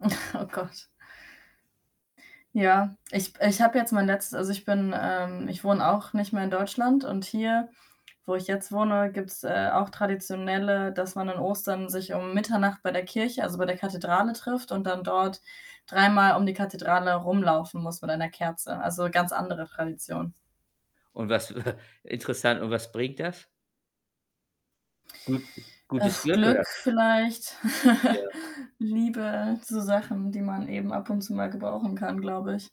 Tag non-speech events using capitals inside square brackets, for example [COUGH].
[CHUCKLES] Oh Gott. Ja, ich ich habe jetzt mein letzt also, ich bin ähm, ich wohne auch nicht mehr in Deutschland und hier, wo ich jetzt wohne, gibt's, äh, auch traditionelle dass man an Ostern sich um Mitternacht bei der Kirche, also bei der Kathedrale trifft und dann dort dreimal um die Kathedrale rumlaufen muss mit einer Kerze. Also ganz andere Tradition. Und was [CHUCKLES] interessant, und was bringt das? Gut gutes Glück oder Glück was? vielleicht, Ja. [LAUGHS] Liebe, so Sachen, die man eben ab und zu mal gebrauchen kann, glaube ich.